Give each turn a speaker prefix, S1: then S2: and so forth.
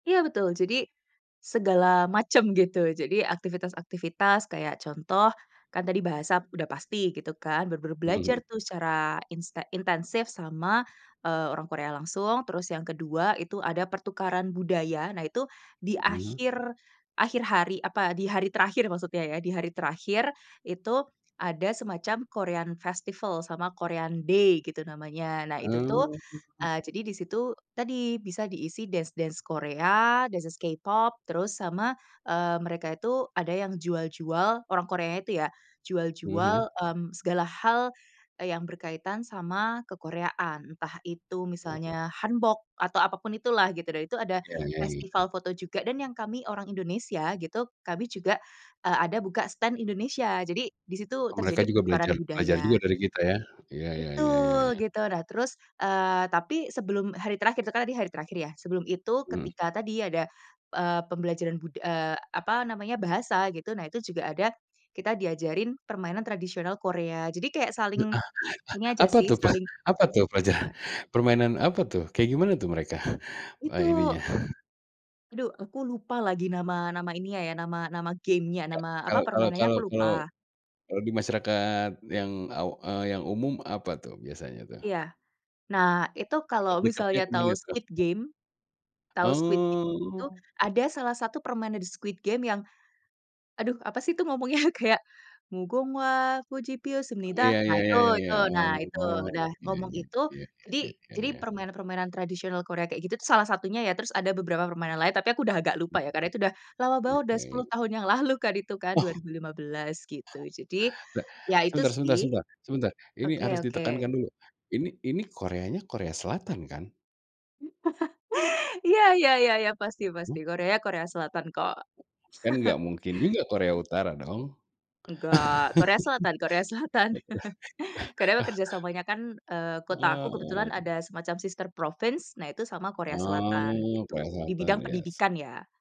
S1: Iya betul. Jadi, segala macam gitu. Jadi aktivitas-aktivitas kayak contoh, kan tadi bahasa udah pasti gitu kan, benar-benar belajar
S2: Mhm.
S1: tuh secara inste intensif sama, eee, orang Korea langsung. Terus yang kedua itu ada pertukaran budaya, nah itu di
S2: Mhm.
S1: akhir akhir hari, apa, di hari terakhir maksudnya ya. Di hari terakhir, itu ada semacam Korean Festival, sama Korean Day gitu namanya. Nah itu tuh,
S2: Ah.
S1: eee, jadi di situ, tadi, bisa diisi dance dance Korea, dance-dance K-Pop, terus sama, eee, mereka itu ada yang jual-jual, orang Koreanya itu ya,
S2: Mhm.
S1: jual-jual, mmm, segala hal yang berkaitan sama kekoreaan. Entah itu
S2: Wah.
S1: misalnya Hanbok atau apapun itu lah, gitu. Dan itu ada
S2: Iya iya iya.
S1: festival foto juga dan yang kami orang Indonesia gitu, kami juga, eee, ada buka stand Indonesia. Jadi, di situ
S2: Oh mereka
S1: terjadi
S2: juga
S1: pertukaran
S2: belajar belajar juga
S1: budaya.
S2: dari kita ya. Iya, ya ya ya
S1: Betul,
S2: ya.
S1: gitu. Nah terus, eee, tapi sebelum hari terakhir, itu kan tadi hari terakhir ya, sebelum itu
S2: Mhm.
S1: ketika tadi ada, eee, pembelajaran bud eee, apa namanya, bahasa gitu, nah itu juga ada, kita diajarin permainan tradisional Korea. Jadi kayak
S2: Ah
S1: saling, ini
S2: ah
S1: aja
S2: apa
S1: sih,
S2: tuh pe
S1: saling
S2: apa tuh, perja
S1: bertukar
S2: permainan apa tuh, kayak gimana tuh mereka, eee,
S1: itu.
S2: ininya?
S1: Aduh aku lupa lagi nama nama ininya ya, nama nama game-nya,
S2: Nggak
S1: nama, apa,
S2: kalau kalau
S1: permainannya
S2: kalau
S1: aku
S2: kalau
S1: lupa.
S2: kalau di masyarakat yang aw eee, yang umum apa tuh biasanya tuh?
S1: Iya. Nah itu kalau
S2: Deketnya
S1: misalnya
S2: ke
S1: tahu
S2: mana tuh?
S1: Squid Game tahu Squid Game itu,
S2: Oh.
S1: ada salah satu permainan di Squid Game yang, aduh, apa sih tuh ngomongnya kayak, mugunghwa kkoci pieot
S2: Oh
S1: seumnida.
S2: ya
S1: Nah,
S2: ya,
S1: itu
S2: ya ya
S1: itu,
S2: ya,
S1: nah itu,
S2: oh,
S1: udah
S2: oke,
S1: ngomong itu,
S2: iya
S1: jadi
S2: ya ya
S1: jadi
S2: ya.
S1: permainan-permainan tradisional Korea kayak gitu salah satunya ya. Terus ada beberapa permainan lain, tapi aku udah agak lupa ya, karena itu udah, lama banget, udah 10
S2: Oke.
S1: tahun yang lalu kan itu kan,
S2: Oh.
S1: 2015 gitu. Jadi,
S2: Te
S1: ya itu
S2: sebentar sebentar
S1: sih
S2: sebentar sebentar, ini harus
S1: Oke oke.
S2: ditekankan dulu. Ini ini Koreanya Korea Selatan kan?
S1: Iya iya iya, pasti pasti
S2: Mmm.
S1: Korea Korea Selatan kok.
S2: Kan enggak mungkin juga Korea
S1: Gitu.
S2: Utara dong?
S1: Nggak. Korea Selatan Korea Selatan. Karena bekerjasamanya kan, eee, kota aku kebetulan
S2: Eee
S1: ada semacam Sister Province, nah itu sama Korea Selatan,
S2: Oh, Korea
S1: gitu, di bidang
S2: Selatan, yes.
S1: pendidikan ya.